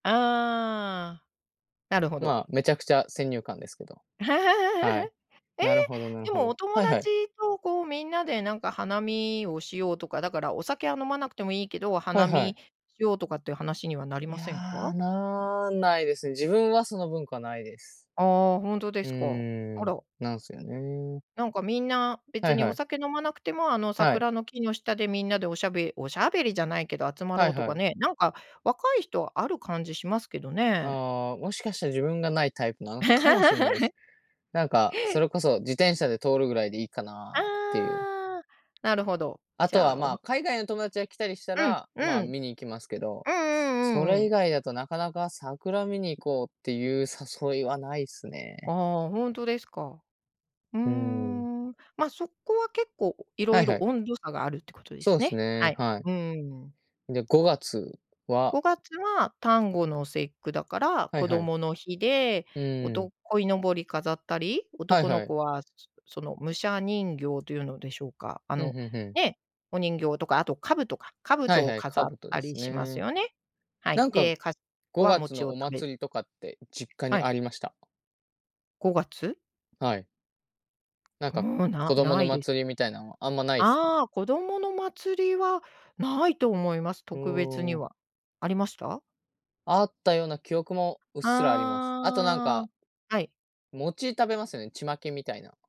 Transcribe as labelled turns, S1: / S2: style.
S1: ああ、なるほど。
S2: まあ、めちゃくちゃ先入観ですけど。はい、
S1: え？
S2: なるほどなる
S1: で
S2: ほ
S1: も、お
S2: ど。
S1: 友
S2: はいは
S1: 達
S2: い。
S1: とこう、みんなでなんか花見をしようとか、だから、お酒は飲まなくてもいいけど、
S2: は
S1: 花
S2: いは
S1: 見
S2: い。
S1: しようとかって話にはなり
S2: い
S1: ませんか？
S2: や、なんないですね。自分はその文化ないです。
S1: ああ、ほんとで
S2: う
S1: すか。あ
S2: ーん、
S1: ら。
S2: なんすよね。
S1: なんかみんな、
S2: は
S1: 別
S2: い
S1: に
S2: は
S1: お
S2: い。
S1: 酒飲まなくても、あの、
S2: はい。
S1: 桜の木の下でみんなで、おしゃべおしゃべりじゃないけど集ま
S2: は
S1: ろう
S2: い
S1: と
S2: は
S1: か
S2: い。
S1: ね、なんか若い人はある感じしますけどね。
S2: ああ、もしかしたら自分がないタイプなのかもしんないで す。なんか、それこそ自転車で通るぐらいでいいかなっていう。
S1: ああ。なるほど、
S2: あ
S1: じ
S2: と
S1: ゃ
S2: は、
S1: あ、お
S2: ま
S1: ふ
S2: あ、海外の友達が来たりした
S1: うん、
S2: ら、
S1: う
S2: まあ、
S1: ん。
S2: 見に行きますけど、
S1: うんう
S2: そ
S1: んうんう
S2: れ以
S1: ん。
S2: 外だとなかなか桜見に行こうっていう誘いはないっすね。
S1: ああ、ほんとですか？うー
S2: うん。
S1: ん、ま、そこはけっこう、い
S2: は
S1: ろ
S2: い
S1: い
S2: は
S1: ろ
S2: い。
S1: 温度差があるってことで
S2: そ
S1: す
S2: うっす
S1: ね。は
S2: ね、
S1: い。
S2: はい。
S1: うーん。
S2: で、5月は
S1: 5月は端午の節句だから、
S2: はい
S1: 子
S2: はい。
S1: 供の日で、
S2: う
S1: お
S2: ー
S1: と
S2: ん。
S1: こいのぼり飾ったり、
S2: はい
S1: 男の
S2: はい。
S1: 子は、すその、武者人形というのでしょうか？あ
S2: ふん
S1: の、
S2: ふんふん
S1: ね、お人形とか、あと兜か、
S2: はい
S1: 兜を
S2: はい、
S1: 飾っ
S2: 兜
S1: た
S2: で
S1: り
S2: す
S1: します
S2: ね。
S1: よね？はい、
S2: なんか
S1: で、かし
S2: ご
S1: わ
S2: がつ
S1: 餅を
S2: のお
S1: 食べる。
S2: 祭りとかって実家
S1: は
S2: に
S1: い。
S2: ありました？
S1: 5月？
S2: はい。なん
S1: う
S2: か、
S1: ーん、な
S2: 子供
S1: な
S2: の
S1: いで。
S2: 祭りみたいなんはあんまないっすか？
S1: ああ、子供の祭りはないと思います、
S2: う
S1: 特別に
S2: ーん。
S1: は。ありました？
S2: あったような記憶もうっすらあります。あとなん
S1: あ
S2: か
S1: あ、はい。
S2: 餅食べますよね？ちまきみたいな。